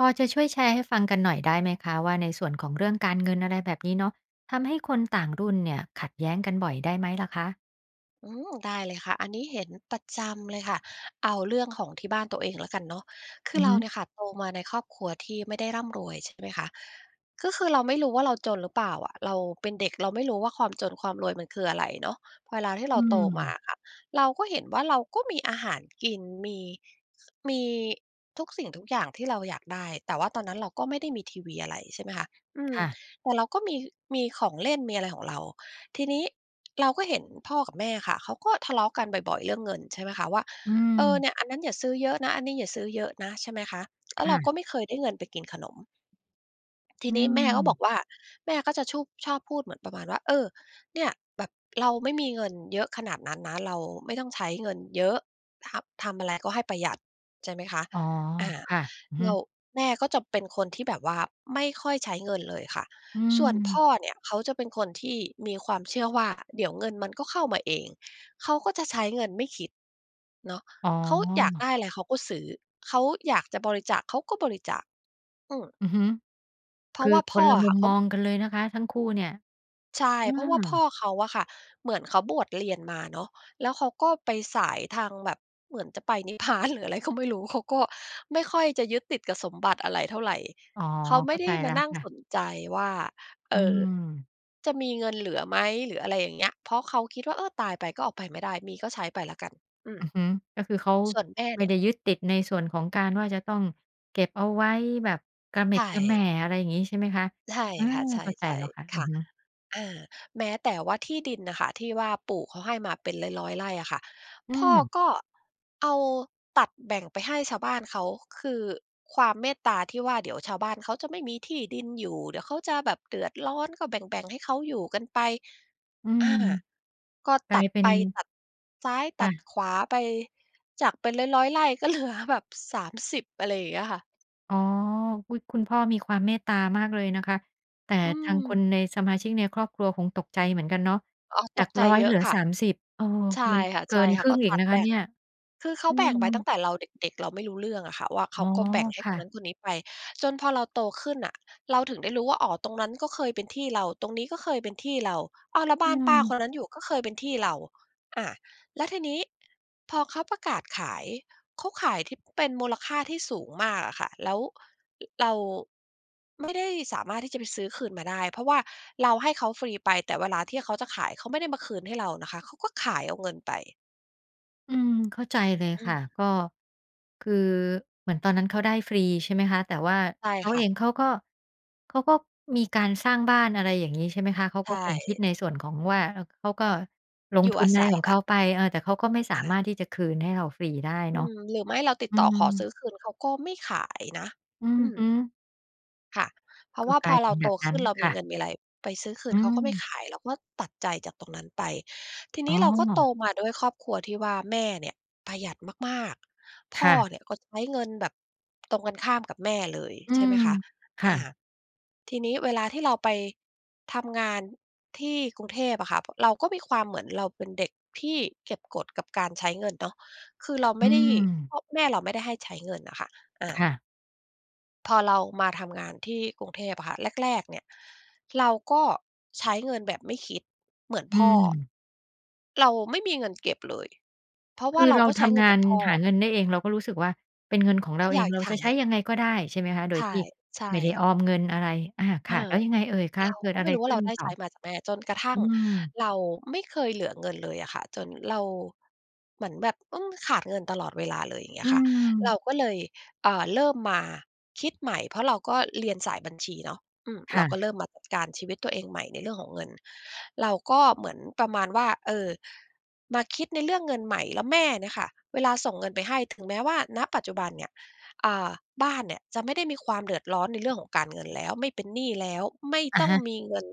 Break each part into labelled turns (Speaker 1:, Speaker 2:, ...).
Speaker 1: พอจะช่วยแชร์ให้ฟังกันหน่อยได้ไหมคะว่า? ในส่วนของเรื่องการเงิน อะไรแบบนี้เนาะ ทำให้คนต่างรุ่นเนี่ยขัดแย้งกันบ่อยได้ไหมล่ะคะ?
Speaker 2: อืม ได้เลยค่ะ อันนี้เห็นประจำเลยค่ะ เอาเรื่องของที่บ้านตัวเองแล้วกันเนาะ คื
Speaker 1: อ
Speaker 2: อ
Speaker 1: ือ
Speaker 2: เร
Speaker 1: ฮ
Speaker 2: า
Speaker 1: ึ
Speaker 2: เนี่ยค่ะ โตมาในครอบครัวที่ไม่ได้ร่ำรวยใช่ไหมคะ ก็คือเราไม่รู้ว่าเราจนหรือเปล่าอะ เราเป็นเด็กเราไม่รู้ว่า ความจนความรวยมันคืออะไรเนาะ พอเวลาที่เ
Speaker 1: อ
Speaker 2: ร
Speaker 1: ื
Speaker 2: าโตมา
Speaker 1: ม
Speaker 2: อะค่ะ เราก็เห็นว่าเราก็มีอาหารกิน มี มีทุกสิ่งทุกอย่างที่เราอยากได้ แต่ว่าตอนนั้นเราก็ไม่ได้มีทีวีอะไร ใช่ไหมคะ อืม
Speaker 1: ค่ะ
Speaker 2: แต่เราก็มี มีของเล่น มีอะไรของเรา ทีนี้เราก็เห็นพ่อกับแม่ค่ะ เขาก็ทะเลาะกันบ่อย ๆ เรื่องเงิน ใช่ไหมคะ ว่า
Speaker 1: อื
Speaker 2: เออ
Speaker 1: ม
Speaker 2: เนี่ย อันนั้นอย่าซื้อเยอะนะ อันนี้อย่าซื้อเยอะนะ ใช่ไหมคะ แล้
Speaker 1: ค
Speaker 2: วเ
Speaker 1: ่
Speaker 2: ราก
Speaker 1: ะ
Speaker 2: ็ไม่เคยได้เงินไปกินขนม ที
Speaker 1: อ
Speaker 2: นี้แม่ก็บอ
Speaker 1: ืม
Speaker 2: กว่า แม่ก็จะชูบ ชอบพูดเหมือนประมาณว่า "เออ เนี่ย แบบเราไม่มีเงินเยอะขนาดนั้นนะ เราไม่ต้องใช้เงินเยอะ ทำ ทำอะไรก็ให้ประหยัด" ใช่ไหมคะ
Speaker 1: อ๋อ
Speaker 2: อ่า
Speaker 1: ค่ะ อือฮ
Speaker 2: เรา
Speaker 1: ึ
Speaker 2: แม่ก็จะเป็นคนที่แบบว่าไม่ค่อยใช้เงินเลยค่ะ
Speaker 1: อื
Speaker 2: ส่วนพ
Speaker 1: ม
Speaker 2: ่อเนี่ยเขาจะเป็นคนที่มีความเชื่อว่า เดี๋ยวเงินมันก็เข้ามาเอง เขาก็จะใช้เงินไม่คิด เนาะ
Speaker 1: อ๋
Speaker 2: เค้าอยาก
Speaker 1: อ
Speaker 2: ได้อะไรเขาก็ซื้อ เขาอยากจะบริจาคเขาก็บริจาค อืม
Speaker 1: อือฮึ
Speaker 2: เพร
Speaker 1: ค
Speaker 2: าะ
Speaker 1: ือ
Speaker 2: ว่า
Speaker 1: ค
Speaker 2: พ่
Speaker 1: น
Speaker 2: อ
Speaker 1: ละ
Speaker 2: อ
Speaker 1: ม
Speaker 2: ะค
Speaker 1: ุ
Speaker 2: ่ะ
Speaker 1: ม
Speaker 2: เข
Speaker 1: ม
Speaker 2: า
Speaker 1: องกันเลยนะคะ ทั้งคู่เนี่ย
Speaker 2: ใช่
Speaker 1: เอ
Speaker 2: เพราะว่าพ่อ
Speaker 1: อ
Speaker 2: เขาอะค่ะ เหมือนเขาบวชเรียนมาเนาะ แล้วเขาก็ไปสายทางแบบ เหมือนจะไป นิพพานหรืออะไรก็ไม่รู้ เขาก็ไม่ค่อยจะยึดติดกับสมบัติอะไรเท่าไร
Speaker 1: อ๋อ
Speaker 2: เขาไ
Speaker 1: เ
Speaker 2: ม
Speaker 1: ข
Speaker 2: ่
Speaker 1: ้า
Speaker 2: ได
Speaker 1: ใ
Speaker 2: ้
Speaker 1: จแ
Speaker 2: ม
Speaker 1: ล้
Speaker 2: า
Speaker 1: ว
Speaker 2: นั่ง
Speaker 1: ค่
Speaker 2: ส
Speaker 1: ะ
Speaker 2: นใจว่า เ
Speaker 1: อ
Speaker 2: อ
Speaker 1: ื
Speaker 2: อ
Speaker 1: ม
Speaker 2: จะมีเงินเหลือไหม? หรืออะไรอย่างเงี้ย เพราะเขาคิดว่า เออ ตายไปก็ออกไปไม่ได้ มีก็ใช้ไปแล้วกัน อืม
Speaker 1: อือฮึ ก็คือเขา
Speaker 2: ส่วนแม่
Speaker 1: ไม
Speaker 2: เน
Speaker 1: ่
Speaker 2: ี่
Speaker 1: ไ
Speaker 2: ย
Speaker 1: ด้ยึดติดในส่วนของการว่าจะต้องเก็บเอาไว้แบบกระเหม
Speaker 2: ใช
Speaker 1: ็ดกระแหม่
Speaker 2: ่
Speaker 1: อะไรอย่างงี้ ใช่ไหมคะ
Speaker 2: ใช่
Speaker 1: อา
Speaker 2: ค่ะ ใช
Speaker 1: เข้าใจ
Speaker 2: ่
Speaker 1: แล้วค่ะ
Speaker 2: ๆ
Speaker 1: อ
Speaker 2: ค
Speaker 1: ือ
Speaker 2: ่ะ
Speaker 1: ฮึ
Speaker 2: อา แม้แต่ว่าที่ดินน่ะค่ะที่ว่า ปู่เขาให้มาเป็นร้อย ๆ ไร่อะค่ะ
Speaker 1: อื
Speaker 2: พ่อ
Speaker 1: ม
Speaker 2: ก็เอาตัดแบ่งไปให้ชาวบ้านเขา คือความเมตตาที่ว่า เดี๋ยวชาวบ้านเขาจะไม่มีที่ดินอยู่ เดี๋ยวเขาจะแบบเดือดร้อน ก็แบ่ง ๆ ให้เขาอยู่กันไป
Speaker 1: อื
Speaker 2: อ
Speaker 1: ม
Speaker 2: า ก็
Speaker 1: ก
Speaker 2: ต
Speaker 1: ลา
Speaker 2: ั
Speaker 1: ย
Speaker 2: ด
Speaker 1: เป็
Speaker 2: ไป
Speaker 1: น
Speaker 2: ตัดซ้าย ต
Speaker 1: ค
Speaker 2: ั
Speaker 1: ่
Speaker 2: ด
Speaker 1: ะ
Speaker 2: ขวาไป จากเป็นร้อย ๆ ไร่ ก็เหลือ แบบ 30 อะไรอย่างเงี้ยค่ะ
Speaker 1: อ๋อ อุ๊ย! คุณพ่อมีความเมตตามากเลยนะคะ แต่
Speaker 2: อื
Speaker 1: ทางคน
Speaker 2: ม
Speaker 1: ใน สมาชิกในครอบครัวคงตกใจเหมือนกันเนาะ
Speaker 2: อ๋อ
Speaker 1: จ
Speaker 2: ต
Speaker 1: า
Speaker 2: ก
Speaker 1: ก
Speaker 2: ใจ
Speaker 1: 100
Speaker 2: เย
Speaker 1: เ
Speaker 2: อ
Speaker 1: หล
Speaker 2: ะ
Speaker 1: ือ
Speaker 2: ค่ะ
Speaker 1: 30 เออ
Speaker 2: ใช่
Speaker 1: มัน
Speaker 2: ค
Speaker 1: เกินค
Speaker 2: ่ะ
Speaker 1: รึ
Speaker 2: ๆ
Speaker 1: ่
Speaker 2: ก็
Speaker 1: งอี
Speaker 2: ต
Speaker 1: ก
Speaker 2: ั
Speaker 1: น
Speaker 2: ด
Speaker 1: ะค
Speaker 2: แบ
Speaker 1: ะ
Speaker 2: ่
Speaker 1: เน
Speaker 2: ง
Speaker 1: ี่ย
Speaker 2: คือเขา
Speaker 1: อื
Speaker 2: แบ่งไปตั้
Speaker 1: ม
Speaker 2: งแต่เราเด็ก ๆ เราไม่รู้เรื่องอะค่ะว่า เข
Speaker 1: อ๋
Speaker 2: า
Speaker 1: อ
Speaker 2: ก็แบ่งให้
Speaker 1: ค
Speaker 2: ค
Speaker 1: ่
Speaker 2: น
Speaker 1: ะ
Speaker 2: นั้นคนนี้ไป จนพอเราโตขึ้นน่ะ เราถึงได้รู้ว่า อ๋อ ตรงนั้นก็เคยเป็นที่เรา ตรงนี้ก็เคยเป็นที่เรา อ้าว แล้ว
Speaker 1: อ
Speaker 2: บ
Speaker 1: ื
Speaker 2: ้านป้า
Speaker 1: ม
Speaker 2: คนนั้นอยู่ก็เคยเป็นที่เรา อะ แล้วทีนี้พอเขาประกาศขาย เขาขายที่เป็นมูลค่าที่สูงมากอะค่ะ แล้ว ร เรา ไม่ได้สามารถที่จะไปซื้อคืนมาได้ เพราะว่าเราให้เขาฟรีไป แต่เวลาที่เขาจะขาย เขาไม่ได้มาคืนให้เรานะคะ เขาก็ขายเอาเงินไป
Speaker 1: อืม เข้าใจเลย
Speaker 2: อ
Speaker 1: ค
Speaker 2: ื
Speaker 1: ่
Speaker 2: ม
Speaker 1: ะ ก็ คือ เหมือนตอนนั้นเขาได้ฟรี ใช่ไหมคะ แต่ว่า
Speaker 2: ใช่
Speaker 1: เขา
Speaker 2: ค
Speaker 1: เ
Speaker 2: ่
Speaker 1: อ
Speaker 2: ะ
Speaker 1: งเขาก็ เขาก็มีการสร้างบ้าน อะไรอย่างนี้ ใช่ไหมคะ เขา
Speaker 2: ใช
Speaker 1: ก็คงคิด
Speaker 2: ่
Speaker 1: ในส่วนของ ว่า เขาก็ลง
Speaker 2: อยู
Speaker 1: ท
Speaker 2: ่
Speaker 1: ุ
Speaker 2: อ
Speaker 1: น
Speaker 2: า
Speaker 1: อะ
Speaker 2: ศ
Speaker 1: ไร
Speaker 2: ัย
Speaker 1: ของ
Speaker 2: แ
Speaker 1: เ
Speaker 2: ล
Speaker 1: ข
Speaker 2: ้ว
Speaker 1: าไป เออ แต่เขาก็ไม่สา
Speaker 2: อ
Speaker 1: มาร
Speaker 2: า
Speaker 1: ถที่จะคืนให้เราฟรีได้
Speaker 2: อ
Speaker 1: เ
Speaker 2: ื
Speaker 1: นาะ
Speaker 2: ม หรือไม่เราติด
Speaker 1: อื
Speaker 2: ต่อขอ
Speaker 1: ม
Speaker 2: ซื้อคืนเขาก็ไม่ขายนะ
Speaker 1: อื
Speaker 2: อ
Speaker 1: อ
Speaker 2: ืม
Speaker 1: ฮึ
Speaker 2: ค่ะ เพรา
Speaker 1: ก
Speaker 2: ะ
Speaker 1: ็
Speaker 2: ว่า
Speaker 1: กล
Speaker 2: พ
Speaker 1: า
Speaker 2: อ
Speaker 1: ยเป
Speaker 2: เร
Speaker 1: ็
Speaker 2: า
Speaker 1: นแ
Speaker 2: โ
Speaker 1: บ
Speaker 2: ต
Speaker 1: บน
Speaker 2: ข
Speaker 1: ั้
Speaker 2: ึ
Speaker 1: น
Speaker 2: ้นเรา
Speaker 1: ค
Speaker 2: มี
Speaker 1: ่
Speaker 2: เ
Speaker 1: ะ
Speaker 2: งินมีอะไร ไปซื้อคื
Speaker 1: อื
Speaker 2: นเขาก็ไม่
Speaker 1: ม
Speaker 2: ขาย เราก็ตัดใจจากตรงนั้นไป ทีน
Speaker 1: อ๋
Speaker 2: ี้
Speaker 1: อ
Speaker 2: เราก็โตมาด้วยครอบครัวที่ว่าแม่เนี่ยประหยัดมาก ๆ พ
Speaker 1: ค
Speaker 2: ่
Speaker 1: ่
Speaker 2: อ
Speaker 1: ะ
Speaker 2: เนี่ยก็ใช้เงินแบบตรงกันข้ามกับแม่เลย
Speaker 1: อื
Speaker 2: ใช่ไ
Speaker 1: ม
Speaker 2: หมคะ
Speaker 1: ค
Speaker 2: อ
Speaker 1: ่
Speaker 2: า
Speaker 1: ะ
Speaker 2: ทีนี้เวลาที่เราไป ทำงานที่กรุงเทพอะค่ะ พ เราก็มีความ เหมือนเราเป็นเด็กที่เก็บกดกับการใช้เงินเนาะ คือเรา
Speaker 1: อ
Speaker 2: ไ
Speaker 1: ื
Speaker 2: ม่ได้
Speaker 1: ม
Speaker 2: เพราะแม่เราไม่ได้ให้ใช้เงินอะค่ะ อ
Speaker 1: ค
Speaker 2: า
Speaker 1: ่ะ
Speaker 2: พอเรามาทำงานที่กรุงเทพอะค่ะ แรก ๆ เนี่ย เราก็ใช้เงินแบบไม่คิดเหมือน
Speaker 1: อ
Speaker 2: พ่อ
Speaker 1: ืม
Speaker 2: เราไม่มีเงินเก็บเลย เพราะ
Speaker 1: ค
Speaker 2: ว่า
Speaker 1: ือ
Speaker 2: เรา
Speaker 1: เรา
Speaker 2: ก็ใช
Speaker 1: ท
Speaker 2: ้เงิ
Speaker 1: ำง
Speaker 2: นเห
Speaker 1: า
Speaker 2: มือ
Speaker 1: น
Speaker 2: นพ่อ
Speaker 1: หาเงินได้เอง เราก็รู้สึกว่าเป็นเงินของเร
Speaker 2: ฉ
Speaker 1: า
Speaker 2: ัน
Speaker 1: เอ
Speaker 2: อย
Speaker 1: ง
Speaker 2: าก
Speaker 1: เรา
Speaker 2: ใช
Speaker 1: จะ
Speaker 2: ้
Speaker 1: ใช้ยังไงก็ได้ ใช่ไหมคะ โด
Speaker 2: ใช
Speaker 1: ย
Speaker 2: ่
Speaker 1: ที่
Speaker 2: ใช
Speaker 1: ไม่ได้
Speaker 2: ่
Speaker 1: ออมเงินอะไร อา ค
Speaker 2: เอ
Speaker 1: ่ะ แล
Speaker 2: อ
Speaker 1: ้วยังไงเอ่ยคะ?
Speaker 2: เรา
Speaker 1: เกิ
Speaker 2: ก
Speaker 1: ด
Speaker 2: ็
Speaker 1: อ
Speaker 2: ไ
Speaker 1: ะ
Speaker 2: ม
Speaker 1: ไ
Speaker 2: ่
Speaker 1: ร
Speaker 2: รู้ว
Speaker 1: ข
Speaker 2: ่า
Speaker 1: ึ
Speaker 2: เ
Speaker 1: ้
Speaker 2: ร
Speaker 1: น
Speaker 2: าได้
Speaker 1: ต่
Speaker 2: ใช
Speaker 1: อ?
Speaker 2: ้มาจากแม่ จนกระทั
Speaker 1: อ
Speaker 2: ่
Speaker 1: ื
Speaker 2: ง
Speaker 1: ม
Speaker 2: เราไม่เคยเหลือเงินเลยอะค่ะ จนเรา เหมือนแบบ อืม ขาดเงินตลอดเวลาเลย อย่างเงี้
Speaker 1: อื
Speaker 2: ยค่ะ เรา
Speaker 1: ม
Speaker 2: ก็เลย อ่า เริ่มมาคิดใหม่ เพราะเราก็เรียนสายบัญชีเนาะ อืม
Speaker 1: ค
Speaker 2: เร
Speaker 1: ่
Speaker 2: าก็
Speaker 1: ะ
Speaker 2: เริ่มมาจัดการชีวิตตัวเองใหม่ในเรื่องของเงิน เราก็เหมือนประมาณว่า เออ มาคิดในเรื่องเงินใหม่ แล้วแม่เนี่ยค่ะ เวลาส่งเงินไปให้ ถึงแม้ว่า ณ ปัจจุบันเนี่ย อ่า บ้านเนี่ยจะไม่ได้มีความเดือดร้อนในเรื่องของการเงินแล้ว ไม่เป็นหนี้แล้ว ไม่
Speaker 1: อะ
Speaker 2: ต้อ
Speaker 1: ฮ
Speaker 2: ง
Speaker 1: ะ
Speaker 2: มีเงิน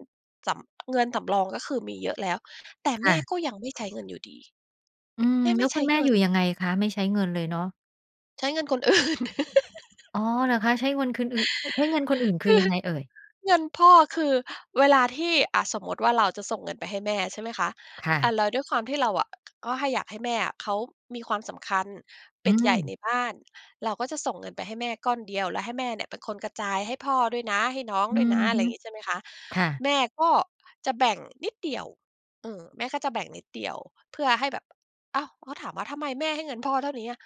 Speaker 2: สำ เงินสำรอง ก็คือมีเยอะแล้ว แต่
Speaker 1: ค
Speaker 2: แม
Speaker 1: ่
Speaker 2: ่
Speaker 1: ะ
Speaker 2: ก็ยังไม่ใช้เงินอยู่ดี
Speaker 1: อืม
Speaker 2: แม่
Speaker 1: แ
Speaker 2: ไ
Speaker 1: ล
Speaker 2: ม
Speaker 1: ้ว
Speaker 2: ่ใ
Speaker 1: ค
Speaker 2: ช
Speaker 1: ุ
Speaker 2: ้
Speaker 1: ณแม่
Speaker 2: เงิ
Speaker 1: อยู่
Speaker 2: น
Speaker 1: ยังไงคะ? ไม่ใช้เงินเลยเนาะ
Speaker 2: ใช้เงินคน อื่น
Speaker 1: อ๋อ หรือคะ? ใช้เวินคึนอึด ใช้เงินคนอื่นค
Speaker 2: ค
Speaker 1: ือ
Speaker 2: ือ
Speaker 1: ยังไงเอ่ย?
Speaker 2: เงินพ่อคือ เวลาที่ อะ สมมติว่าเราจะส่งเงินไปให้แม่ ใช่ไหมคะ
Speaker 1: ค่
Speaker 2: อะ
Speaker 1: ะ
Speaker 2: แล้วด้วยความที่เราอะ ก็ให้ อยากให้แม่อะเขามีความสำคัญ เป
Speaker 1: อื
Speaker 2: ็นใหญ่ใ
Speaker 1: ม
Speaker 2: นบ้าน เราก็จะส่งเงินไปให้แม่ก้อนเดียว แล้วให้แม่เนี่ยเป็นคนกระจายให้พ่อด้วยนะ ให้น้อง
Speaker 1: อื
Speaker 2: ด้วยนะ
Speaker 1: อ
Speaker 2: อะ
Speaker 1: ฮ
Speaker 2: ไร
Speaker 1: ึ
Speaker 2: อย่างงี้ใช่ไหมคะ
Speaker 1: ค่ะ
Speaker 2: แม่ก็จะแบ่งนิดเดียว อืม แม่ก็จะแบ่งนิดเดียว เพื่อให้แบบ อ้าว! พอถามว่า "ทำไมแม่ให้เงินพ่อเท่านี้อะ?"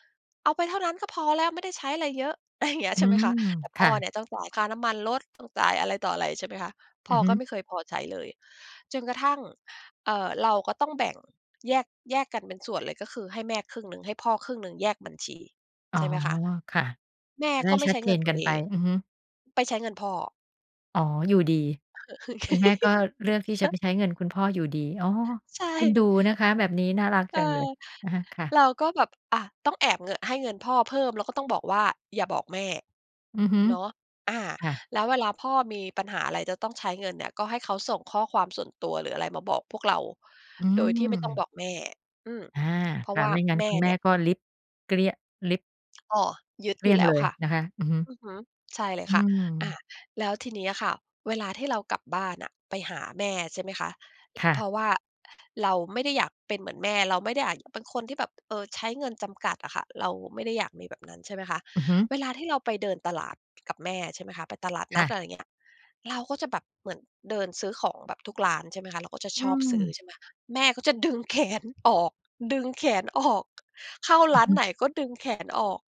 Speaker 2: "เอาไปเท่านั้นก็พอแล้ว ไม่ได้ใช้อะไรเยอะ" อะไรอย่างเงี้ย
Speaker 1: อ
Speaker 2: ใ
Speaker 1: ื
Speaker 2: ช่ไหมคะ
Speaker 1: ม
Speaker 2: แต่
Speaker 1: ค
Speaker 2: พ่อ
Speaker 1: ่ะ
Speaker 2: เนี่ยต้องจ่ายค่าน้ำมันรถ ต้องจ่ายอะไรต่ออะไรใช่ไหมคะ พ
Speaker 1: อ
Speaker 2: ่
Speaker 1: ื
Speaker 2: อ
Speaker 1: อฮึ
Speaker 2: ก็ไม่เคยพอใช้เลย จนกระทั่ง เออ เราก็ต้องแบ่งแยก แยกกันเป็นส่วนเลย ก็คือให้แม่ครึ่งหนึ่ง ให้พ่อครึ่งหนึ่ง แยกบัญชี
Speaker 1: อ๋
Speaker 2: ใ
Speaker 1: อ
Speaker 2: ช่ไหมคะ
Speaker 1: ค่ะ
Speaker 2: แม่
Speaker 1: จะได้
Speaker 2: ก็ไม่
Speaker 1: ชั
Speaker 2: ใ
Speaker 1: ด
Speaker 2: ช้
Speaker 1: เจ
Speaker 2: เงิ
Speaker 1: น
Speaker 2: นตั
Speaker 1: ก
Speaker 2: ว
Speaker 1: ัน
Speaker 2: เอ
Speaker 1: ไป
Speaker 2: ง
Speaker 1: อือฮึ
Speaker 2: ไปใช้เงินพ่อ
Speaker 1: อ๋อ อยู่ดี คุณแม่ก็เลือกที่จะไปใช้เงินคุณพ่ออยู่ดี อ๋อ
Speaker 2: ใช
Speaker 1: เอ็น
Speaker 2: ่
Speaker 1: ดูนะคะแบบนี้ น่ารัก
Speaker 2: เอ
Speaker 1: จ
Speaker 2: อ
Speaker 1: ังเลย อะฮะ ค่ะ
Speaker 2: เราก็แบบ อะ ต้องแอบเงอะ ให้เงินพ่อเพิ่มแล้วก็ต้องบอกว่า "อย่าบอกแม่"
Speaker 1: อือฮึ
Speaker 2: เนาะ อา
Speaker 1: ค่ะ
Speaker 2: แล้วเวลาพ่อมีปัญหาอะไรจะต้องใช้เงินเนี่ย ก็ให้เขาส่งข้อความส่วนตัว หรืออะไรมาบอกพวกเรา
Speaker 1: อื
Speaker 2: โดยที่ไม่ต้อง
Speaker 1: ม
Speaker 2: บอกแม่ อืม
Speaker 1: อา
Speaker 2: เพรา
Speaker 1: ค
Speaker 2: ะ
Speaker 1: ่ะ
Speaker 2: ว่า
Speaker 1: ไม่งั้น
Speaker 2: แม่
Speaker 1: คุณแม
Speaker 2: เนี
Speaker 1: ่
Speaker 2: ่ย
Speaker 1: ก็ริบ เกลี้ยง ริบ
Speaker 2: อ้อ ยึด
Speaker 1: เกล
Speaker 2: อย
Speaker 1: ี
Speaker 2: ู
Speaker 1: ้
Speaker 2: ่
Speaker 1: ยง
Speaker 2: แล้
Speaker 1: เ
Speaker 2: ว
Speaker 1: ลย
Speaker 2: ค่ะ
Speaker 1: นะคะ อือฮึ
Speaker 2: อือฮึ ใช่เลย
Speaker 1: อื
Speaker 2: ค่ะ อ
Speaker 1: ม
Speaker 2: า แล้วทีนี้อะค่ะ เวลาที่เรากลับบ้านน่ะไปหาแม่ ใช่ไหมคะ
Speaker 1: ค่
Speaker 2: เพร
Speaker 1: ะ
Speaker 2: าะว่าเราไม่ได้อยากเป็นเหมือนแม่ เราไม่ได้อยากเป็นคนที่แบบ เออ ใช้เงินจำกัดอะค่ะ เราไม่ได้อยากมีแบบนั้น ใช่ไหมคะ
Speaker 1: อือฮึ
Speaker 2: เวลาที่เราไปเดินตลาดกับแม่ ใช่ไหมคะ ไปตลาด
Speaker 1: ค
Speaker 2: นั
Speaker 1: ่
Speaker 2: ด
Speaker 1: ะ
Speaker 2: อะไรอย่างเงี้ย เราก็จะแบบเหมือนเดินซื้อของแบบทุกร้าน ใช่ไหมคะ เราก็จะ
Speaker 1: อื
Speaker 2: ชอบซื้อ
Speaker 1: ม
Speaker 2: ใช่ไหม แม่ก็จะ ดึงแขนออก ดึงแขน ออก เข้า
Speaker 1: อ
Speaker 2: ร
Speaker 1: ื
Speaker 2: ้
Speaker 1: อ
Speaker 2: า
Speaker 1: ฮ
Speaker 2: นไ
Speaker 1: ึ
Speaker 2: หนก็ดึงแขนออก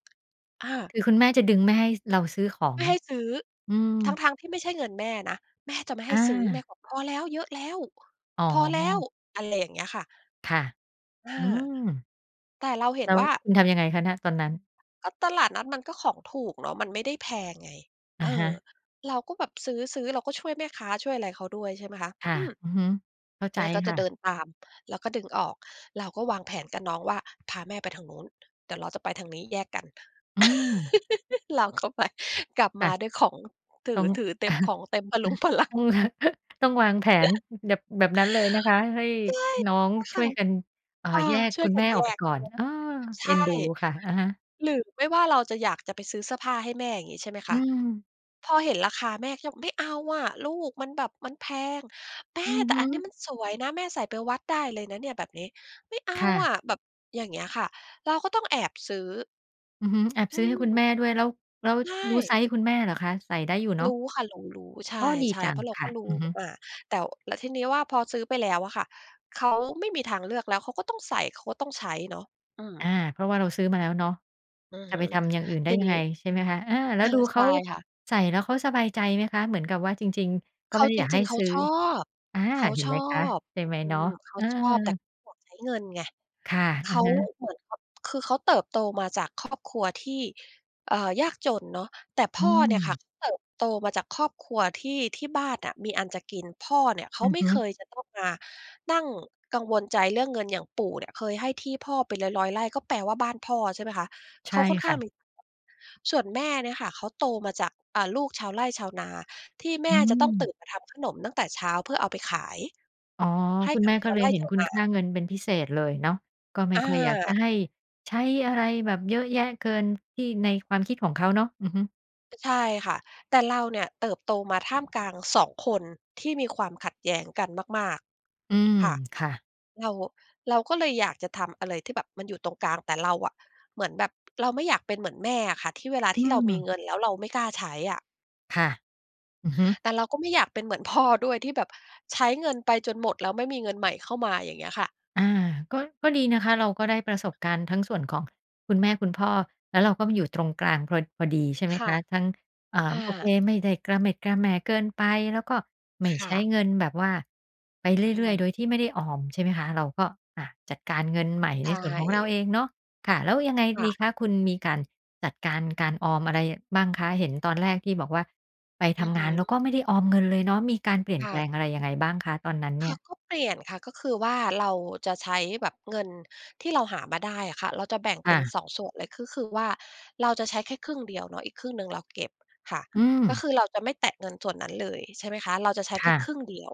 Speaker 2: อ้าว
Speaker 1: คือคุณแม่จะดึงไม่ให้ ส เราซื้อขอ
Speaker 2: ไม
Speaker 1: ง
Speaker 2: ่ให้ซื้อ
Speaker 1: อืม
Speaker 2: ทั้ง ๆ ที่ไม่ใช่เงินแม่นะ แม่จะไม่ให
Speaker 1: อ
Speaker 2: ้ซื้อ แม่
Speaker 1: า
Speaker 2: บอก "พอแล้ว เยอะแล้ว
Speaker 1: อ๋อ
Speaker 2: พอแล้ว" อะไรอย่างเงี้ยค่ะ
Speaker 1: ค่ะ
Speaker 2: อา
Speaker 1: อืม
Speaker 2: แต่เราเห็
Speaker 1: แล
Speaker 2: น
Speaker 1: ้ว
Speaker 2: ว่า
Speaker 1: คุณทำยังไงคะน่ะ ตอนนั้น?
Speaker 2: ก็ตลาดนัดมันก็ของถูกเนาะ มันไม่ได้แพงไง
Speaker 1: อ
Speaker 2: เ
Speaker 1: ะ
Speaker 2: อ
Speaker 1: ฮ
Speaker 2: อ
Speaker 1: ะ
Speaker 2: เราก็แบบซื้อ ๆ เราก็ช่วยแม่ค้า ช่วยอะไรเขาด้วย ใช่ไหมคะ
Speaker 1: ค่ะ
Speaker 2: อือ
Speaker 1: อือฮึ เข้าใจ
Speaker 2: แม่ก็
Speaker 1: ค
Speaker 2: จ
Speaker 1: ่
Speaker 2: ะเ
Speaker 1: ะ
Speaker 2: ดินตาม แล้วก็ดึงออก เราก็วางแผนกับน้องว่า "พาแม่ไปทางนู้น เดี๋ยวเราจะไปทางนี้ แยกกัน"
Speaker 1: อืม
Speaker 2: เราก็ไป กลับ
Speaker 1: ค
Speaker 2: ม
Speaker 1: ่
Speaker 2: า
Speaker 1: ะ
Speaker 2: ด้วยของ ถ
Speaker 1: ต
Speaker 2: ื
Speaker 1: ้อ
Speaker 2: อ
Speaker 1: ง
Speaker 2: ถือเต็ม ของเต็ม พะรุงพะรั
Speaker 1: ต
Speaker 2: ง
Speaker 1: ้อง ต้องวางแผน อ แบบ แบบนั้นเลยนะคะให้
Speaker 2: ใช่
Speaker 1: น้อง
Speaker 2: ค
Speaker 1: ช
Speaker 2: ่ะ
Speaker 1: ่วยกัน เอ่อ
Speaker 2: อา
Speaker 1: แยก
Speaker 2: ช่ว
Speaker 1: คุ
Speaker 2: ย
Speaker 1: ณ
Speaker 2: ก
Speaker 1: แ
Speaker 2: ั
Speaker 1: ม
Speaker 2: น
Speaker 1: ่
Speaker 2: แ
Speaker 1: อ
Speaker 2: ย
Speaker 1: อกไป
Speaker 2: ก
Speaker 1: ก่อน เออ
Speaker 2: ใช
Speaker 1: เอ็
Speaker 2: ่
Speaker 1: นดูค่ะ อะฮะ
Speaker 2: หรือไม่ว่าเราจะอยากจะไปซื้อเสื้อผ้าให้แม่อย่างงี้ ใช่ไหม
Speaker 1: อ
Speaker 2: ค
Speaker 1: ื
Speaker 2: ะ
Speaker 1: ม
Speaker 2: พอเห็นราคาแม่จะบอก "ไม่เอาอะลูก มันแบบมันแพง!" "แม่!
Speaker 1: อือ
Speaker 2: แต
Speaker 1: ฮ
Speaker 2: ่อันนี้
Speaker 1: ึ
Speaker 2: มันสวยนะ แม่ใส่ไปวัดได้เลยนะเนี่ยแบบนี้" "ไม่เอา
Speaker 1: ค่
Speaker 2: อ
Speaker 1: ะ
Speaker 2: ะ" แบบอย่างเงี้ยค่ะ เราก็ต้องแอบซื้อ
Speaker 1: อือฮึ แอบ
Speaker 2: อ
Speaker 1: ซ
Speaker 2: ื
Speaker 1: ื้อให้คุณแ
Speaker 2: ม
Speaker 1: ม่ด้วย แล้ว แล้ว
Speaker 2: ใช
Speaker 1: รู้ไซ
Speaker 2: ่
Speaker 1: ซ์คุณแม่เหรอคะ? ใส่ได้อยู่เนา
Speaker 2: ร
Speaker 1: ะ
Speaker 2: ู้ค่ะ รู้ ๆ ใช
Speaker 1: อ้อ ดี
Speaker 2: ่
Speaker 1: จั
Speaker 2: ๆ เ
Speaker 1: ง
Speaker 2: พราะเรา
Speaker 1: ค
Speaker 2: ก
Speaker 1: ่
Speaker 2: ็
Speaker 1: ะ
Speaker 2: รู้
Speaker 1: อือฮึ
Speaker 2: อา แต่ ว แล้วทีนี้ว่าพอซื้อไปแล้วอะค่ะ เขาไม่มีทางเลือก แล้วเขาก็ต้องใส่ เขาก็ต้องใช้เนาะ อื
Speaker 1: อ
Speaker 2: ม
Speaker 1: า เพราะว่าเราซื้อมาแล้วเนาะ
Speaker 2: อือ
Speaker 1: จะ
Speaker 2: ฮ
Speaker 1: ไ
Speaker 2: ึ
Speaker 1: ปทำอย่างอื่นได
Speaker 2: ท
Speaker 1: ้
Speaker 2: ี
Speaker 1: ยั
Speaker 2: น
Speaker 1: งไ
Speaker 2: ี
Speaker 1: ง
Speaker 2: ้
Speaker 1: ใช่ไหมคะ อา แล้วดูเ
Speaker 2: ใ
Speaker 1: ข
Speaker 2: ช
Speaker 1: า
Speaker 2: ่ค่ะ
Speaker 1: ใส่แล้วเขาสบายใจไหมคะ? เหมือนกับว่าจริง ๆ ก็
Speaker 2: เข
Speaker 1: ไม่
Speaker 2: า
Speaker 1: ได้
Speaker 2: จ
Speaker 1: อยากใ
Speaker 2: ร
Speaker 1: ห
Speaker 2: ิ
Speaker 1: ้
Speaker 2: ง ๆ เข
Speaker 1: ซ
Speaker 2: า
Speaker 1: ื้อ
Speaker 2: ชอบ
Speaker 1: อา
Speaker 2: เขา
Speaker 1: เห็น
Speaker 2: ช
Speaker 1: ไห
Speaker 2: อ
Speaker 1: มคะ
Speaker 2: บ
Speaker 1: ใช่ไหม
Speaker 2: อื
Speaker 1: เนาะ
Speaker 2: ม เข
Speaker 1: เ
Speaker 2: า
Speaker 1: ออ
Speaker 2: ชอบ แต่เขาบอกใช้เงินไง
Speaker 1: ค่ะ
Speaker 2: เข
Speaker 1: อะ
Speaker 2: า
Speaker 1: ฮะ
Speaker 2: เหมือนขะ คือเขาเติบโตมาจากครอบครัวที่ เอ่อ ยากจนเนาะ แต่พ
Speaker 1: อื
Speaker 2: ่อเนี่ยค่ะ
Speaker 1: ม
Speaker 2: เขาเติบโตมาจากครอบครัวที่ ที่บ้านน่ะมีอันจะกิน พ่อเนี่ยเข
Speaker 1: อ
Speaker 2: า
Speaker 1: ือ
Speaker 2: ไม
Speaker 1: ฮ
Speaker 2: ่เค
Speaker 1: ึ
Speaker 2: ยจะต้องมานั่งกังวลใจเรื่องเงิน อย่างปู่เนี่ยเคยให้ที่พ่อเป็น 100 100 ไร่ ก็แปลว่าบ้านพ่อ ใช่ไหมคะ
Speaker 1: ใ
Speaker 2: เ
Speaker 1: ช
Speaker 2: ข
Speaker 1: ่
Speaker 2: าค่อน
Speaker 1: ค
Speaker 2: ข้
Speaker 1: ่
Speaker 2: าง
Speaker 1: ะ
Speaker 2: น [unintelligible] ส่วนแม่เนี่ยค่ะ เขาโตมาจาก อ่า ลูกชาวไร่ชาวนา ที่แ
Speaker 1: อ
Speaker 2: ม
Speaker 1: ื
Speaker 2: ่จะต้องตื่
Speaker 1: ม
Speaker 2: นมาทำขนมตั้งแต่เช้า เพื่อเอาไปขาย
Speaker 1: อ๋อ
Speaker 2: ให้
Speaker 1: คุณ
Speaker 2: กั
Speaker 1: แม
Speaker 2: บ
Speaker 1: ่
Speaker 2: ช
Speaker 1: ก็
Speaker 2: า
Speaker 1: เ
Speaker 2: ว
Speaker 1: ล
Speaker 2: ไ
Speaker 1: ย
Speaker 2: ร่
Speaker 1: เห็น
Speaker 2: ชาว
Speaker 1: คุณ
Speaker 2: น
Speaker 1: ค่า
Speaker 2: า
Speaker 1: เงินเป็นพิเศษเลยเนาะ ก็ไม่
Speaker 2: อ
Speaker 1: ค่อยอยากจะ
Speaker 2: า
Speaker 1: ให้ ใช้อะไรแบบเยอะแยะเกินที่ ในความคิดของเขาเนาะ อือฮึ
Speaker 2: ใช่ค่ะ แต่เราเนี่ยเติบโตมาท่ามกลาง 2 คนที่มีความขัดแย้งกันมาก
Speaker 1: อืม
Speaker 2: ๆ ค่ะ
Speaker 1: ค่ะ
Speaker 2: เรา เราก็เลยอยากจะทำอะไรที่แบบมันอยู่ตรงกลาง แต่เราอะเหมือนแบบเราไม่อยากเป็นเหมือนแม่อะค่ะ ที่เวลา
Speaker 1: อื
Speaker 2: ที่เรามี
Speaker 1: ม
Speaker 2: เงินแล้วเราไม่กล้าใช้อะ
Speaker 1: ค่ะ อือฮึ
Speaker 2: แต่เราก็ไม่อยากเป็นเหมือนพ่อด้วย ที่แบบใช้เงินไปจนหมด แล้วไม่มีเงินใหม่เข้ามาอย่างเงี้ยค่ะ
Speaker 1: อา ก็ ก็ดีนะคะ เราก็ได้ประสบการณ์ทั้งส่วนของคุณแม่คุณพ่อ แล้วเราก็มาอยู่ตรงกลางพรอ พอดี ใช่ไหม
Speaker 2: ค่
Speaker 1: ค
Speaker 2: ะ
Speaker 1: ะ ทั้ง อ่
Speaker 2: อ
Speaker 1: า
Speaker 2: า
Speaker 1: โอเคไม่ได้กระเหม็ดกระแหม่เกินไป แล้วก็ไม่
Speaker 2: ค
Speaker 1: ใ
Speaker 2: ่
Speaker 1: ช้
Speaker 2: ะ
Speaker 1: เงินแบบว่า ไปเ
Speaker 2: อื
Speaker 1: รื่อย ๆ โ
Speaker 2: ม
Speaker 1: ดยที่ไม่ได้ออม ใช่ไหมคะ เราก็ อะ จัดการเงินใหม่
Speaker 2: ใช
Speaker 1: ในส่วนของเรา
Speaker 2: ่
Speaker 1: เองเนาะ ค่ะ แล้วยังไง
Speaker 2: ค่
Speaker 1: ดี
Speaker 2: ะ
Speaker 1: คะ? คุณมีการจัดการการออมอะไรบ้างคะ? เห็นตอนแรกที่บอกว่า ไปท
Speaker 2: อือ
Speaker 1: ำ
Speaker 2: ฮ
Speaker 1: ง
Speaker 2: ึ
Speaker 1: านแล้วก็ไม่ได้ออมเงินเลยเนาะ มีการเปลี่ย
Speaker 2: ค
Speaker 1: นแป
Speaker 2: ่
Speaker 1: ล
Speaker 2: ะ
Speaker 1: งอะไรยังไงบ้างคะตอนนั้นเน
Speaker 2: ค
Speaker 1: ี่
Speaker 2: ่ะ
Speaker 1: ย?
Speaker 2: ก็เปลี่ยนค่ะ ก็คือว่า เราจะใช้แบบเงินที่เราหามาได้อะค่ะ เราจะแบ่ง
Speaker 1: ค
Speaker 2: เป
Speaker 1: ่
Speaker 2: ็น
Speaker 1: ะ
Speaker 2: 2 ส่วนเลย ก็คือว่า เราจะใช้แค่ครึ่งเดียวเนาะ อีกครึ่งหนึ่งเราเก็บค่ะ
Speaker 1: อื
Speaker 2: ก็
Speaker 1: ม
Speaker 2: คือเราจะไม่แตะเงินส่วนนั้นเลย ใช่ไหมคะ เราจะใช้
Speaker 1: ค
Speaker 2: แค่
Speaker 1: ่
Speaker 2: คร
Speaker 1: ะ
Speaker 2: ึ่งเดียว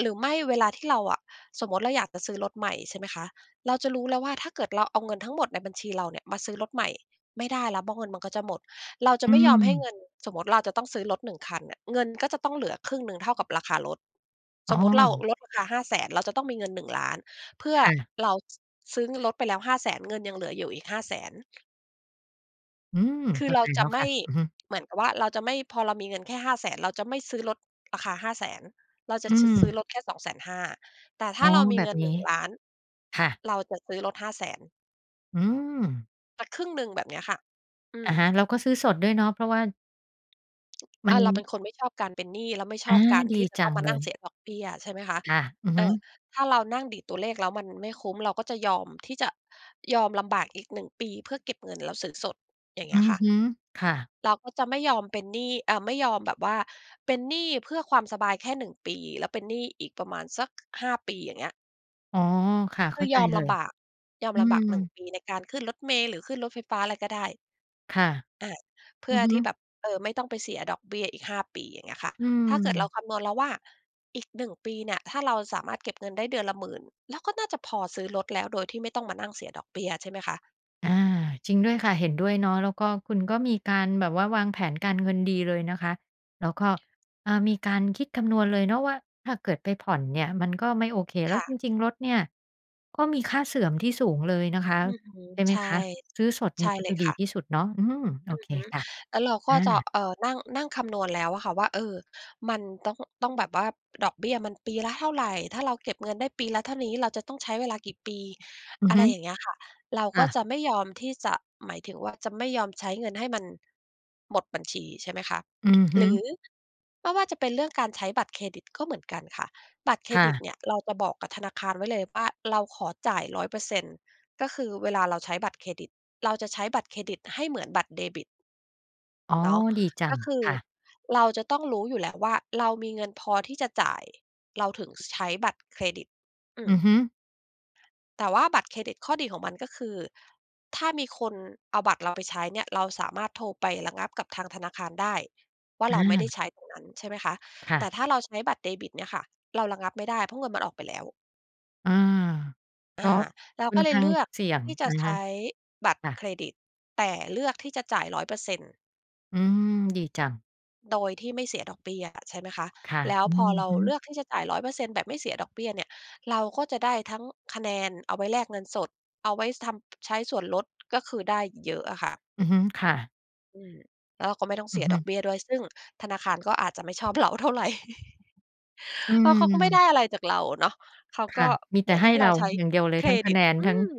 Speaker 2: หรือไม่เวลาที่เราอะ สมมุติเราอยากจะซื้อรถใหม่ ใช่ไหมคะ เราจะรู้แล้วว่า ถ้าเกิดเราเอาเงินทั้งหมดในบัญชีเราเนี่ยมาซื้อรถใหม่ ไม่ได้แล้ว เพราะ เงินมันก็จะหมด เราจะ
Speaker 1: อื
Speaker 2: ไม่ยอมให้
Speaker 1: ม
Speaker 2: เงิน สมมุติเราจะต้องซื้อรถ 1 คันเนี่ย เงินก็จะต้องเหลือครึ่งหนึ่งเท่ากับราคารถ
Speaker 1: อ
Speaker 2: ส
Speaker 1: ้
Speaker 2: มมุติเรา
Speaker 1: อ
Speaker 2: รถราคา 500,000 เราจะต้องมีเงิน 1,000,000 เพื่อ
Speaker 1: ค่ะ
Speaker 2: เรา ซ ซื้อเงินรถไปแล้ว 500,000 เงินยังเหลืออยู่อีก 500,000
Speaker 1: อืม
Speaker 2: คื
Speaker 1: เข
Speaker 2: อ
Speaker 1: ้า
Speaker 2: เร
Speaker 1: ใ
Speaker 2: า
Speaker 1: จแล
Speaker 2: จ
Speaker 1: ้
Speaker 2: ะ
Speaker 1: ว
Speaker 2: ไม
Speaker 1: ค่
Speaker 2: ่
Speaker 1: ะ อือฮึ
Speaker 2: เหมือนกับว่า เราจะไม่ พอเรามีเงินแค่ 500,000 เราจะไม่ซื้อรถราคา 500,000 เราจะ
Speaker 1: อื
Speaker 2: ชะ ซื้อ
Speaker 1: ม
Speaker 2: รถแค่ 250,000 แต่ถ
Speaker 1: อ๋
Speaker 2: ้า
Speaker 1: อ
Speaker 2: เรามี
Speaker 1: แบ
Speaker 2: เง
Speaker 1: บ
Speaker 2: ิน
Speaker 1: น
Speaker 2: ห
Speaker 1: ี้
Speaker 2: นึ่งล้าน
Speaker 1: ค่ะ
Speaker 2: เราจะซื้อรถ 500,000
Speaker 1: อืม
Speaker 2: สักครึ่งหนึ่งแบบเนี้ยค่ะ อื
Speaker 1: อ
Speaker 2: ม
Speaker 1: ะฮะ เราก็ซื้อสดด้วยเนาะ เพราะว่า มั
Speaker 2: อา
Speaker 1: น
Speaker 2: เราเป็นคนไม่ชอบการเป็นหนี้ เราไม่ช
Speaker 1: อา
Speaker 2: อบการ
Speaker 1: ด
Speaker 2: ท
Speaker 1: ี
Speaker 2: ี่จะ
Speaker 1: จ
Speaker 2: ต
Speaker 1: ั
Speaker 2: ้อง
Speaker 1: ง
Speaker 2: มา
Speaker 1: เล
Speaker 2: นั่ง
Speaker 1: ย
Speaker 2: เสียดอกเบี้ยใช่ไหมคะ
Speaker 1: ค่ะ อือ
Speaker 2: อ
Speaker 1: ฮ
Speaker 2: า
Speaker 1: ึ
Speaker 2: ถ้าเรานั่งดีดตัวเลขแล้วมันไม่คุ้ม เราก็จะยอมที่จะ ยอมลำบากอีก 1 ปี เพื่อเก็บเงินแล้วซื้อสด อย่างเ
Speaker 1: อ
Speaker 2: ง
Speaker 1: ื
Speaker 2: ี้ย
Speaker 1: อ
Speaker 2: ค่ะ
Speaker 1: ฮึ ค่ะ
Speaker 2: เราก็จะไม่ยอมเป็นหนี้ เอ่อ ไม่ยอมแบบว่าเป็นหนี้เพื่อความสบายแค่ 1 ปี แล้วเป็นหนี้อีกประมาณสัก 5 ปี อย่างเงี้ย
Speaker 1: อ๋อ ค่ะ
Speaker 2: ค
Speaker 1: เข้
Speaker 2: ื
Speaker 1: า
Speaker 2: อ
Speaker 1: ใจ
Speaker 2: ยอม
Speaker 1: เล
Speaker 2: ล
Speaker 1: ย
Speaker 2: ำบาก ยอม
Speaker 1: อื
Speaker 2: ลำบาก 1
Speaker 1: ม
Speaker 2: ปีในการขึ้นรถเมล์ หรือขึ้นรถไฟฟ้า อะไรก็ได้
Speaker 1: ค่ะ
Speaker 2: อา เพ
Speaker 1: อ
Speaker 2: ื
Speaker 1: ื
Speaker 2: ่อ
Speaker 1: อฮ
Speaker 2: ที่แ
Speaker 1: ึ
Speaker 2: บบ เออ ไม่ต้องไปเสียดอกเบี้ยอีก 5 ปี อย่างเงี้ยค่ะ
Speaker 1: อื
Speaker 2: ถ้าเกิดเรา
Speaker 1: ม
Speaker 2: คำนวณแล้วว่า อีก 1 ปีเนี่ย ถ้าเราสามารถเก็บเงินได้เดือนละ 10,000 แล้วก็น่าจะพอซื้อรถแล้ว โดยที่ไม่ต้องมานั่งเสียดอกเบี้ย ใช่ไหมคะ
Speaker 1: อา จริงด้วยค่ะ เห็นด้วยเนาะ แล้วก็คุณก็มีการแบบว่าวางแผนการเงินดีเลยนะคะ แล้วก็ เออ มีการคิดคำนวณเลยเนาะว่า ถ้าเกิดไปผ่อนเนี่ย มันก็ไม่โอเค แล้
Speaker 2: ค
Speaker 1: ว
Speaker 2: ่
Speaker 1: จร
Speaker 2: ะ
Speaker 1: ิง ๆ รถเนี่ย ก็มีค่าเสื่อมที่สูงเลยนะคะ
Speaker 2: อือฮึ
Speaker 1: ใช่ไหม
Speaker 2: ใช่
Speaker 1: คะ ซื้อสดเ
Speaker 2: ใ
Speaker 1: น
Speaker 2: ช
Speaker 1: ี่
Speaker 2: ่
Speaker 1: ยก็
Speaker 2: เล
Speaker 1: จ
Speaker 2: ย
Speaker 1: ะด
Speaker 2: ค
Speaker 1: ี
Speaker 2: ่ะ
Speaker 1: ที่สุดเนาะ อืม โอ
Speaker 2: อื
Speaker 1: เ
Speaker 2: อ
Speaker 1: ค
Speaker 2: ฮึ
Speaker 1: ค่ะ
Speaker 2: แล้วเราก
Speaker 1: อ
Speaker 2: ็จะ
Speaker 1: า
Speaker 2: เอ่อ นั่ง นั่งคำนวณแล้วอะค่ะว่า เออ มันต้อง ต้องแบบว่า ดอกเบี้ยมันปีละเท่าไร? ถ้าเราเก็บเงินได้ปีละเท่านี้ เราจะต้องใช้เวลากี่ปี?
Speaker 1: อือ
Speaker 2: อะ
Speaker 1: ฮ
Speaker 2: ไร
Speaker 1: ึ
Speaker 2: อย่างเงี้ยค่ะ เรา
Speaker 1: ค
Speaker 2: ก
Speaker 1: ่
Speaker 2: ็
Speaker 1: ะ
Speaker 2: จะไม่ยอมที่จะ หมายถึงว่าจะไม่ยอมใช้เงินให้มันหมดบัญชี ใช่ไหมคะ
Speaker 1: อือฮ
Speaker 2: หร
Speaker 1: ึ
Speaker 2: ือ ไม่ว่าจะเป็นเรื่องการใช้บัตรเครดิตก็เหมือนกันค่ะ บัตรเคร
Speaker 1: ค่
Speaker 2: ดิ
Speaker 1: ะ
Speaker 2: ตเนี่ยเราจะบอกกับธนาคารไว้เลยว่า เราขอจ่าย 100% ก็คือเวลาเราใช้บัตรเครดิต เราจะใช้บัตรเครดิตให้เหมือนบัตรเดบิต
Speaker 1: อ๋อ
Speaker 2: เนาะ
Speaker 1: ดีจั
Speaker 2: ก็
Speaker 1: ง
Speaker 2: คือ
Speaker 1: ค่ะ
Speaker 2: เราจะต้องรู้อยู่แล้วว่า เรามีเงินพอที่จะจ่าย เราถึง ส ใช้บัตรเครดิต อื
Speaker 1: อื
Speaker 2: ม
Speaker 1: อฮึ
Speaker 2: แต่ว่าบัตรเครดิต ข้อดีของมันก็คือ ถ้ามีคนเอาบัตรเราไปใช้เนี่ย เราสามารถโทรไประงับกับทางธนาคารได้ว่า เราไม่ไ
Speaker 1: อา
Speaker 2: ด้ใช้ตรงนั้น ใช่ไหมคะ
Speaker 1: ค่
Speaker 2: แต
Speaker 1: ะ
Speaker 2: ่ถ้าเราใช้บัตรเดบิตเนี่ยค่ะ เราระงับไม่ได้เพราะเงินมันออกไปแล้ว
Speaker 1: อา ก
Speaker 2: อ
Speaker 1: ็
Speaker 2: า เรา
Speaker 1: ค่อ
Speaker 2: ก็
Speaker 1: น
Speaker 2: เล
Speaker 1: ข
Speaker 2: ย
Speaker 1: ้า
Speaker 2: เ
Speaker 1: ง
Speaker 2: ลือก
Speaker 1: เสี่ยง
Speaker 2: ที่จ
Speaker 1: อ
Speaker 2: ะ
Speaker 1: ะน
Speaker 2: ใช
Speaker 1: ะคะ
Speaker 2: ้บัตร
Speaker 1: ค่ะ
Speaker 2: เครดิต แต่เลือกที่จะจ่าย 100%
Speaker 1: อืม ดีจัง
Speaker 2: โดยที่ไม่เสียดอกเบี้ยอะ ใช่ไหมคะ
Speaker 1: ค่ะ
Speaker 2: แล้ว
Speaker 1: อื
Speaker 2: พอ
Speaker 1: อ
Speaker 2: เรา
Speaker 1: ฮึ
Speaker 2: เลือกที่จะจ่าย 100% แบบไม่เสียดอกเบี้ยเนี่ย เราก็จะได้ทั้งคะแนนเอาไว้แลกเงินสด เอาไว้ ส ทำ ใช้ส่วนลด ก็คือได้เยอะอะค่ะ
Speaker 1: อือฮึ ค่ะ
Speaker 2: อืม แล้วเราก็ไม่ต้อง
Speaker 1: อ
Speaker 2: เส
Speaker 1: ื
Speaker 2: ี
Speaker 1: อ
Speaker 2: ย
Speaker 1: ฮึ
Speaker 2: ดอกเบี้ยด้วย ซึ่งธนาคารก็อาจจะไม่ชอบ เราเท่าไร
Speaker 1: อื
Speaker 2: เพราะเขาก็ไม่ได้
Speaker 1: ม
Speaker 2: อะไรจากเราเนาะ เขา
Speaker 1: ค
Speaker 2: ก็
Speaker 1: ่ะ มี
Speaker 2: เ
Speaker 1: แต
Speaker 2: หม
Speaker 1: ่
Speaker 2: ือน
Speaker 1: ให
Speaker 2: ให
Speaker 1: ้
Speaker 2: ้เ
Speaker 1: เ
Speaker 2: ร
Speaker 1: ร
Speaker 2: า
Speaker 1: า
Speaker 2: ใช้
Speaker 1: อย่างเดียวเล
Speaker 2: เ
Speaker 1: ย
Speaker 2: ค
Speaker 1: ท
Speaker 2: ร
Speaker 1: ั้งค
Speaker 2: ด
Speaker 1: ะ
Speaker 2: ิ
Speaker 1: แ
Speaker 2: ต
Speaker 1: นน
Speaker 2: อื
Speaker 1: ทั้ง
Speaker 2: ม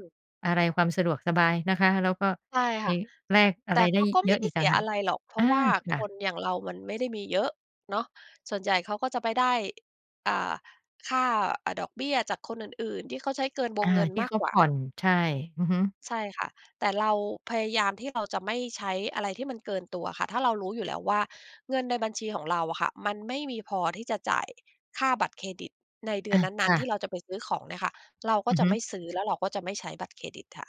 Speaker 1: อะไร ความสะดวกสบายนะคะ แล้วก็
Speaker 2: ใช่
Speaker 1: ไป
Speaker 2: ค่ะ
Speaker 1: แลกอ
Speaker 2: แต
Speaker 1: ะ
Speaker 2: ่
Speaker 1: ไร
Speaker 2: เ
Speaker 1: ไ
Speaker 2: ข
Speaker 1: ด้
Speaker 2: าก็ไ
Speaker 1: เย
Speaker 2: ม่
Speaker 1: อะ
Speaker 2: ได
Speaker 1: อ
Speaker 2: ้
Speaker 1: ีก
Speaker 2: เส
Speaker 1: ต่
Speaker 2: ี
Speaker 1: าง
Speaker 2: ย
Speaker 1: หา
Speaker 2: อ
Speaker 1: ก
Speaker 2: ะไรหรอก เพร
Speaker 1: อ
Speaker 2: าะ
Speaker 1: า
Speaker 2: ว่า
Speaker 1: ค
Speaker 2: ค
Speaker 1: ่ะ
Speaker 2: นอย่างเรามันไม่ได้มีเยอะเนาะ ส่วนใหญ่เขาก็จะไปได้ อ่า ค่า อา ดอกเบี้ยจากคนอื่น ๆ ที่เขาใช้เกินว
Speaker 1: อ
Speaker 2: ง
Speaker 1: า
Speaker 2: เงิน
Speaker 1: ที่
Speaker 2: มา
Speaker 1: เ
Speaker 2: ก
Speaker 1: ขา
Speaker 2: กว
Speaker 1: ผ
Speaker 2: ่า
Speaker 1: ่อน ใช่ อือฮึ
Speaker 2: ใช่ค่ะ แต่เราพยายามที่เราจะไม่ใช้อะไรที่มันเกินตัวอะค่ะ ถ้าเรารู้อยู่แล้วว่า เงินในบัญชีของเราอะค่ะ มันไม่มีพอที่จะจ่ายค่าบัตรเครดิตในเดื
Speaker 1: อ
Speaker 2: อน
Speaker 1: ะ
Speaker 2: นั
Speaker 1: ค
Speaker 2: ้น
Speaker 1: ่
Speaker 2: ๆ ที
Speaker 1: ะ
Speaker 2: ่เราจะไปซื้อของเนี่ยค่ะ เราก
Speaker 1: อ
Speaker 2: ็
Speaker 1: ือ
Speaker 2: จะ
Speaker 1: ฮึ
Speaker 2: ไม่ซื้อ แล้วเราก็จะไม่ใช้บัตรเครดิตค่ะ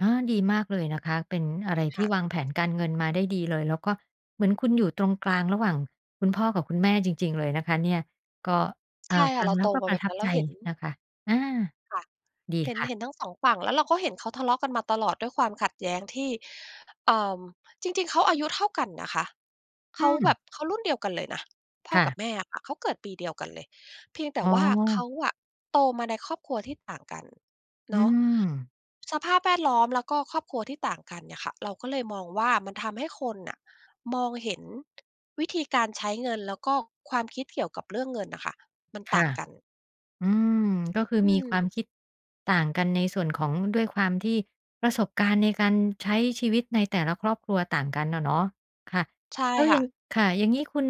Speaker 1: อา ดีมากเลยนะคะ เป็นอะไรท
Speaker 2: ค
Speaker 1: ี
Speaker 2: ่
Speaker 1: ่
Speaker 2: ะ
Speaker 1: วางแผนการเงินมาได้ดีเลย แล้วก็เหมือนคุณอยู่ตรงกลางระหว่างคุณพ่อกับคุณแม่จริง ๆ เลยนะคะเนี่ย ก็ อ่
Speaker 2: ใ
Speaker 1: า
Speaker 2: ช่
Speaker 1: ฟ
Speaker 2: ค่ะ
Speaker 1: ั
Speaker 2: เ
Speaker 1: ง
Speaker 2: รา
Speaker 1: แล
Speaker 2: โ
Speaker 1: ้
Speaker 2: ต
Speaker 1: วก็
Speaker 2: ม
Speaker 1: ป
Speaker 2: า
Speaker 1: ร
Speaker 2: แบ
Speaker 1: ะ
Speaker 2: บ
Speaker 1: ทั
Speaker 2: น
Speaker 1: บ
Speaker 2: ั้น เร
Speaker 1: ใจ
Speaker 2: าเห็น
Speaker 1: นะคะ อา
Speaker 2: ค่ะ
Speaker 1: ดี
Speaker 2: เห็น
Speaker 1: ค่
Speaker 2: เห
Speaker 1: ะ
Speaker 2: ็นทั้ง 2 ฝั่ง แล้วเราก็เห็นเขาทะเลาะกันมาตลอด ด้วยความขัดแย้งที่ เอ่อ จริง ๆ เขาอายุเท่ากันนะคะ
Speaker 1: อ
Speaker 2: เข
Speaker 1: ื
Speaker 2: า
Speaker 1: ม
Speaker 2: แบบ เขารุ่นเดียวกันเลยนะ พ่
Speaker 1: ค
Speaker 2: อ
Speaker 1: ่
Speaker 2: ก
Speaker 1: ะ
Speaker 2: ับแม่อะค่ะ เขาเกิดปีเดียวกันเลย เพียงแต่
Speaker 1: อ๋
Speaker 2: ว่าเข
Speaker 1: อ
Speaker 2: าอะโตมาในครอบครัวที่ต่างกัน
Speaker 1: อื
Speaker 2: เนาะ
Speaker 1: ม
Speaker 2: สภาพแวดล้อมแล้วก็ครอบครัวที่ต่างกันเนี่ยค่ะ เราก็เลยมองว่า มันทำให้คนน่ะมองเห็น วิธีการใช้เงินแล้วก็ความคิดเกี่ยวกับเรื่องเงินน่ะค่ะ มัน
Speaker 1: ค
Speaker 2: ต่
Speaker 1: ่
Speaker 2: า
Speaker 1: ะ
Speaker 2: งกัน
Speaker 1: อืม ก็คือ
Speaker 2: อื
Speaker 1: มีความ
Speaker 2: ม
Speaker 1: คิดต่างกันในส่วนของ ด้วยความที่ประสบการณ์ในการใช้ชีวิตในแต่ละครอบครัวต่างกันน่ะเนาะ ค่ะ
Speaker 2: ใช่
Speaker 1: แล้ว
Speaker 2: ค
Speaker 1: ย
Speaker 2: ่
Speaker 1: ัง
Speaker 2: ะ
Speaker 1: ค่ะ อย่างงี้คุณ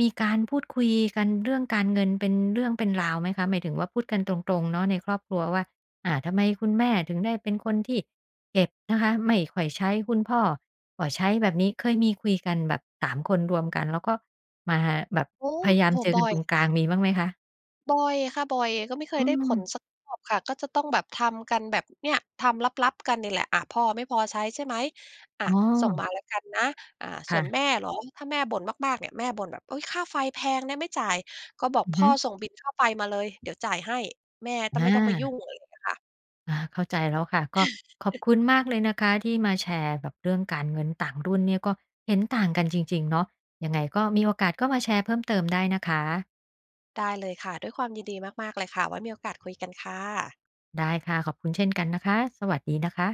Speaker 1: มีการพูดคุยกันเรื่องการเงินเป็นเรื่องเป็นราวไหมคะ? หมายถึงว่าพูดกันตรง ๆ เนาะในครอบครัวว่า อา ทำไมคุณแม่ถึงได้เป็นคนที่เก็บนะคะ ไม่ค่อยใช้ คุณพ่อก็ใช้แบบนี้ เคยมีคุยกันแบบ 3 คนรวมกัน แล้วก็มาแบบ
Speaker 2: โอ้
Speaker 1: พยายา
Speaker 2: โ
Speaker 1: ม
Speaker 2: ฮ!
Speaker 1: เจอ
Speaker 2: บ
Speaker 1: ก
Speaker 2: ่
Speaker 1: ัน
Speaker 2: อ
Speaker 1: ต
Speaker 2: ย
Speaker 1: รง
Speaker 2: ค
Speaker 1: กลา
Speaker 2: ่
Speaker 1: ง
Speaker 2: ะ
Speaker 1: มีบ้างไหมคะ?
Speaker 2: บ่อยค่ะ บ่อย ก็ไม่เค
Speaker 1: อื
Speaker 2: ยได้ผ
Speaker 1: ม
Speaker 2: ลสักรอบค่ะ ก็จะต้องแบบทำกันแบบ เนี่ย ทำลับ ๆ กันนี่แหละ "อะ พ่อไม่พอใช้ใช่ไหม? อะ
Speaker 1: อ๋อ
Speaker 2: ส่งมาแล้วกันนะ" อา
Speaker 1: ค
Speaker 2: ส่
Speaker 1: ่
Speaker 2: วน
Speaker 1: ะ
Speaker 2: แม่เหรอ? ถ้าแม่บ่นมาก ๆ เนี่ย แม่บ่นแบบ "อุ๊ย! ค่าไฟแพงนะ ไม่จ่าย" ก็บอก
Speaker 1: อือ
Speaker 2: พ
Speaker 1: ฮึ
Speaker 2: ่อ "ส่งบิลค่าไฟมาเลย เดี๋ยวจ่ายให้" แม่ต้อ
Speaker 1: อ
Speaker 2: ม ไม่ต้องไปยุ่
Speaker 1: า
Speaker 2: ง อะไรเงี้ยค่ะ
Speaker 1: อา เข้าใจแล้วค่ะ ก็ขอบคุณมากเลยนะคะที่มาแชร์แบบเรื่องการเงินต่างรุ่นเนี่ย ก็เห็นต่างกันจริง ๆ เนาะ ยังไงก็ มีโอกาสก็มาแชร์เพิ่มเติมได้นะคะ
Speaker 2: ได้เลยค่ะ ด้วยความยินดีมาก ๆ เลยค่ะ ไว้มีโอกาสคุยกันค่ะ
Speaker 1: ได้ค่ะ ขอบคุณเช่นกันนะคะ สวัสดีนะคะ